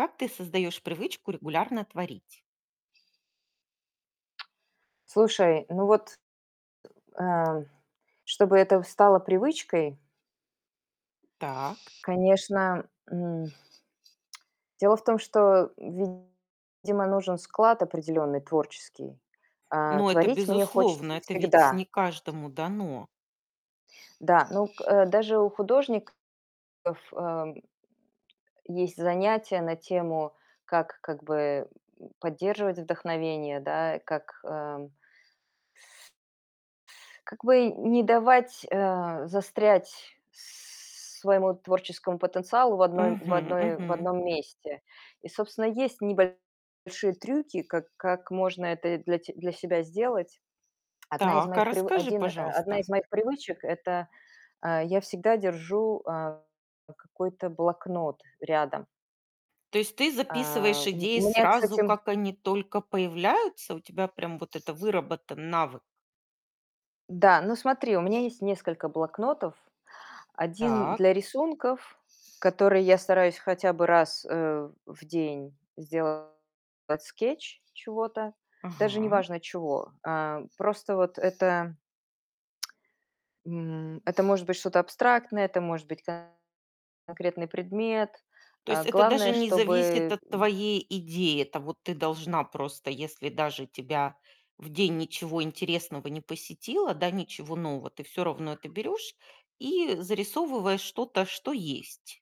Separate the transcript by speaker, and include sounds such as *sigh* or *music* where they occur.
Speaker 1: Как ты создаёшь привычку регулярно творить?
Speaker 2: Слушай, ну, вот, *grunts* э, чтобы это стало привычкой
Speaker 1: Так.
Speaker 2: конечно, м *smacks lips* дело в том, что, видимо, нужен склад, определенный, творческий. А
Speaker 1: Ну, это
Speaker 2: творить мне
Speaker 1: безусловно.
Speaker 2: хочется
Speaker 1: Это ведь
Speaker 2: всегда.
Speaker 1: не каждому дано.
Speaker 2: Да, ну, к э, даже у художников, эм э, есть занятия на тему: как как бы, м, поддерживать вдохновение, да, как, ам как бы не давать, э, застрять своему творческому потенциалу в одной м в
Speaker 1: Мгм,
Speaker 2: одной в
Speaker 1: мгм.
Speaker 2: дном месте. И, собственно, есть небольшие трюки, как как можно это для те для себя сделать. 1 из
Speaker 1: Так, а
Speaker 2: моих прив
Speaker 1: расскажи,
Speaker 2: 1, э, 1
Speaker 1: пожалуйста.
Speaker 2: из моих привычек- это, э, я всегда держу, э, какой-то блокнот рядом.
Speaker 1: То есть ты
Speaker 2: А,
Speaker 1: записываешь
Speaker 2: у м
Speaker 1: идеи
Speaker 2: у меня,
Speaker 1: сразу,
Speaker 2: кстати
Speaker 1: как они только появляются? У тебя прям вот это выработан навык.
Speaker 2: Да, ну, смотри, у меня есть несколько блокнотов. 1 для
Speaker 1: Так.
Speaker 2: рисунков, которые я стараюсь хотя бы раз, э, в день сделать скетч чего-то, даже
Speaker 1: Ага.
Speaker 2: неважно чего, э, просто вот это. М, это может быть что-то абстрактное, это может быть конкретный предмет.
Speaker 1: То
Speaker 2: Э,
Speaker 1: есть это даже
Speaker 2: главное,
Speaker 1: не зависит
Speaker 2: чтобы
Speaker 1: от твоей идеи. Это вот ты должна просто, если даже тебя в день ничего интересного не посетило, да, ничего нового, ты всё равно это берёшь и зарисовываешь что-то, что есть.